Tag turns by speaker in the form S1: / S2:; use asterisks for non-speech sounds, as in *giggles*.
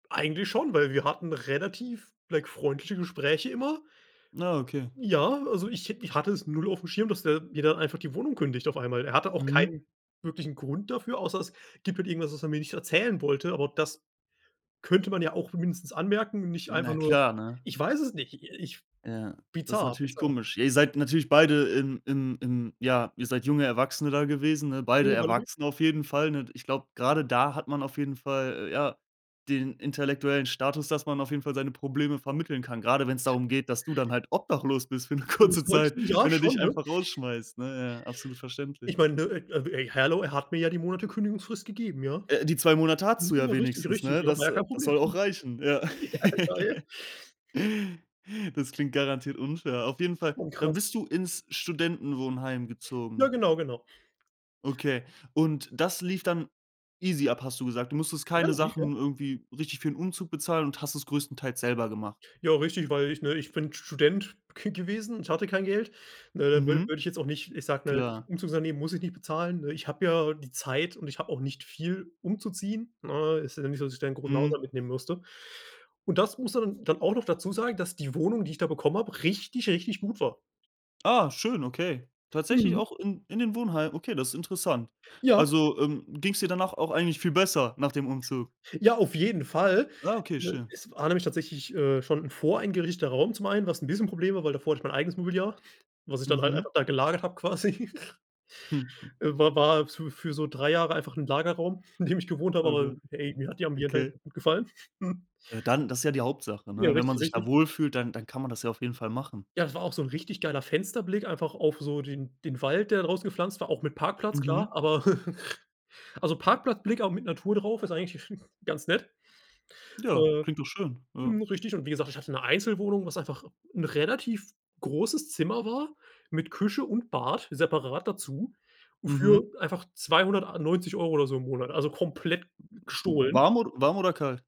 S1: Eigentlich schon, weil wir hatten relativ, *unintelligible* freundliche Gespräche immer
S2: Ah, okay.
S1: ja, also ich hätt ich hatte es 0 aufm Schirm, dass der mir dann einfach die Wohnung kündigt auf einmal. Er hatte auch
S2: Mhm.
S1: keinen wirklichen Grund dafür, außer es gibt halt irgendwas, was er mir nicht erzählen wollte, aber das könnte man ja auch mindestens anmerken und nicht einfach
S2: Na
S1: nur
S2: klar, ne?
S1: ich weiß es nicht ich
S2: Ja, das ist
S1: bizarr,
S2: natürlich
S1: bizarr.
S2: komisch. Ihr seid natürlich beide in in in ja, ihr seid junge Erwachsene da gewesen, ne? Beide
S1: *unintelligible*
S2: Erwachsene auf jeden Fall, ne? Ich glaub, grade da hat man auf jeden Fall, äh, ja, den intellektuellen Status, dass man auf jeden Fall seine Probleme vermitteln kann. Gerade wenn es darum geht, dass du dann halt obdachlos bist für 'ne kurze
S1: *unintelligible*
S2: Zeit
S1: Ja
S2: wenn er dich
S1: schon, ne?
S2: einfach rausschmeißt, ne? Ja, absolut verständlich.
S1: Ich meine, ne? E j hallo, er hat mir ja die Monate Kündigungsfrist gegeben, ja?
S2: Äh, die 2 Monate hattest
S1: Mhm,
S2: du ja
S1: ja, richtig,
S2: wenigstens,
S1: richtig,
S2: ne?
S1: ja. War
S2: Das
S1: ja kein
S2: das
S1: Problem
S2: soll
S1: *unintelligible*
S2: auch reichen. Ja. *laughs*
S1: *chuckles*
S2: Das klingt garantiert unfair. Auf jeden Fall
S1: Oh
S2: dann
S1: krass.
S2: bist du ins Studentenwohnheim
S1: Na,
S2: gezogen?
S1: genau, genau.
S2: Okay. Und das lief dann easy ab, hast du gesagt. Du musstest
S1: Ja,
S2: keine
S1: an sich ja.
S2: Sachen irgendwie richtig für 'n Umzug bezahlen und hast es größtenteils selber gemacht?
S1: Ja richtig, weil ich, ne, ich bin Student ge gewesen und hatte kein Geld. Ne, da wü
S2: Mhm.
S1: würde ich jetzt auch nicht, ich sage, ne,
S2: Klar.
S1: Umzugsunternehmen muss ich nicht bezahlen, ne? Ich habe ja die Zeit und ich habe auch nicht viel umzuziehen, ne? Ist ja nicht so, dass ich da 'nen großen
S2: Mhm.
S1: Haushalt mitnehmen musste. Und das musst du dann dann auch noch dazu sagen, dass die Wohnung, die ich da bekommen hab, richtig, richtig gut war.
S2: Ah, schön, okay. Tatsächlich
S1: Mhm.
S2: auch in in dem Wohnheim? Okay, das ist interessant.
S1: Ja.
S2: Also, ähm, ging's dir danach auch eigentlich viel besser nach dem Umzug?
S1: Ja, auf jeden Fall,
S2: Ah, okay,
S1: ne?
S2: schön.
S1: Es war nämlich tatsächlich, äh, schon 'n voreingerichteter Raum zum einen, was 'n bisschen Problem war, weil davor hatte ich mein eigenes Mobiliar, was ich dann halt
S2: Mhm.
S1: einfach da gelagert habe quasi. *giggles*
S2: *chuckles*
S1: Äh, war war fü für so 3 Jahre einfach 'n Lagerraum, in dem ich gewohnt habe,
S2: Oh
S1: aber
S2: Gott,
S1: hey, mir hat die Ambiente eigentlich
S2: okay.
S1: ganz gut gefallen. *chuckles*
S2: Ja dann, das ist ja die Hauptsache,
S1: Ja,
S2: ne? Wenn man
S1: richtig,
S2: sich da
S1: richtig.
S2: wohlfühlt, dann dann kann man das ja auf jeden Fall machen.
S1: Ja, das war auch so 'n richtig geiler Fensterblick einfach auf so den den Wald, der da draußen gepflanzt war, auch mit Parkplatz, klar,
S2: Mhm.
S1: aber *chuckles* also, Parkplatzblick, auch mit Natur drauf, ist eigentlich *chuckles* ganz nett.
S2: Ja,
S1: Äh,
S2: klingt doch schön, ja.
S1: mhm, richtig und wie gesagt, ich hatte 'ne Einzelwohnung, was einfach 'n relativ großes Zimmer war mit Küche und Bad separat dazu für
S2: Mhm.
S1: einfach 290 € oder so im Monat, also komplett g gestohlen.
S2: Warm od warm oder kalt?